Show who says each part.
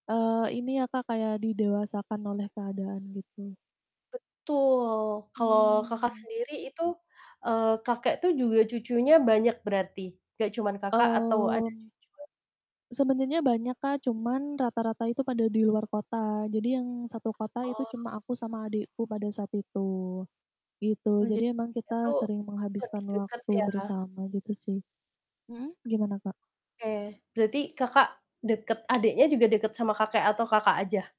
Speaker 1: Eee, ini ya, Kak, kayak didewasakan oleh keadaan gitu.
Speaker 2: Betul, kalau Kakak
Speaker 1: Oh.
Speaker 2: sendiri itu, eee, kakek tuh juga cucunya banyak berarti, nggak cuman Kakak atau ada
Speaker 1: Oh.
Speaker 2: cucu
Speaker 1: Sebenarnya banyak, Kak, cuman rata-rata itu pada di luar kota. Jadi yang satu kota itu
Speaker 2: Oh.
Speaker 1: cuma aku sama adikku pada saat itu gitu.
Speaker 2: Oh, jadi
Speaker 1: Jadi emang kita
Speaker 2: itu
Speaker 1: sering
Speaker 2: lebih
Speaker 1: menghabiskan
Speaker 2: deket
Speaker 1: waktu
Speaker 2: ya?
Speaker 1: bersama gitu sih, mhm, gimana, Kak?
Speaker 2: Oke, berarti Kakak deket adiknya juga deket sama kakek atau Kakak aja?